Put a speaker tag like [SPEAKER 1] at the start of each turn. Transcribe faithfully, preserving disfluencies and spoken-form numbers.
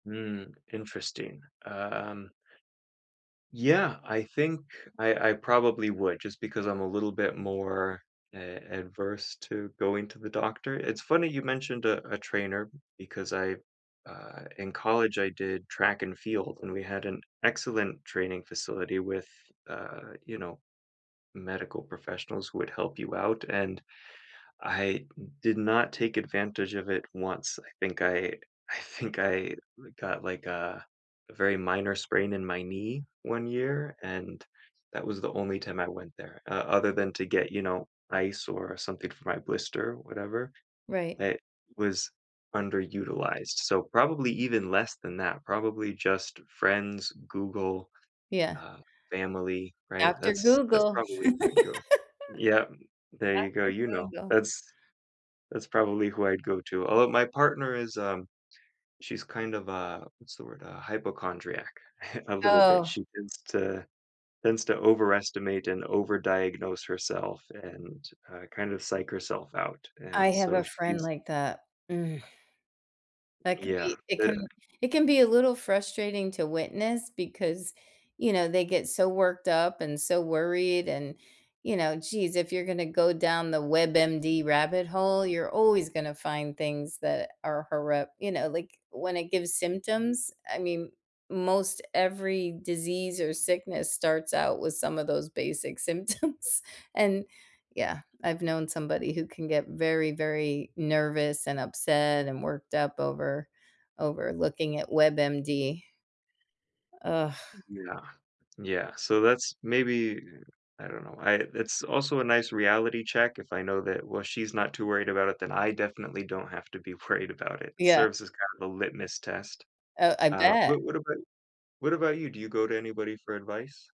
[SPEAKER 1] Mm, interesting, um Yeah, I think I I probably would just because I'm a little bit more a adverse to going to the doctor. It's funny you mentioned a a trainer because I, uh, in college, I did track and field, and we had an excellent training facility with, uh, you know, medical professionals who would help you out, and I did not take advantage of it once. I think I I think I li got, like, a a very minor sprain in my knee one year, and that was the only time I went there, uh, other than to get, you know, ice or something for my blister, whatever,
[SPEAKER 2] Right.
[SPEAKER 1] that was underutilized, so probably even less than that. Probably just friends, Google,
[SPEAKER 2] Yeah.
[SPEAKER 1] uh, family, right?
[SPEAKER 2] After
[SPEAKER 1] That's that's
[SPEAKER 2] Google,
[SPEAKER 1] probably who I'd go Yep. There you go, you know.
[SPEAKER 2] Doctor Google.
[SPEAKER 1] That's that's probably who I'd go to, although my partner is, uh, she's kind of a, what's the word, a hypochondriac a little bit.
[SPEAKER 2] Oh.
[SPEAKER 1] She tends to tends to overestimate and overdiagnose herself and, uh, kind of psych herself out,
[SPEAKER 2] I
[SPEAKER 1] and
[SPEAKER 2] have a
[SPEAKER 1] so
[SPEAKER 2] friend
[SPEAKER 1] she's
[SPEAKER 2] like that. That can
[SPEAKER 1] Yeah,
[SPEAKER 2] it
[SPEAKER 1] but
[SPEAKER 2] can it can be a little frustrating to witness because, you know, they get so worked up and so worried and, you know, geez, "If you're gonna go down the WebMD rabbit hole, you're always gonna find things that are horrupt." Like when it gives symptoms, I mean, most every disease or sickness starts out with some of those basic symptoms, and yeah, I've known somebody who can get very, very nervous and upset and worked up over over looking at WebMD. Ugh.
[SPEAKER 1] Yeah, yeah, so that's maybe I don't know, I it's also a nice reality check if I know that, "Well, she's not too worried about it, then I definitely don't have to be worried about it."
[SPEAKER 2] Yeah.
[SPEAKER 1] Serves as kind of a litmus test.
[SPEAKER 2] Oh, I
[SPEAKER 1] Uh,
[SPEAKER 2] bet.
[SPEAKER 1] but what about what about you? Do you go to anybody for advice?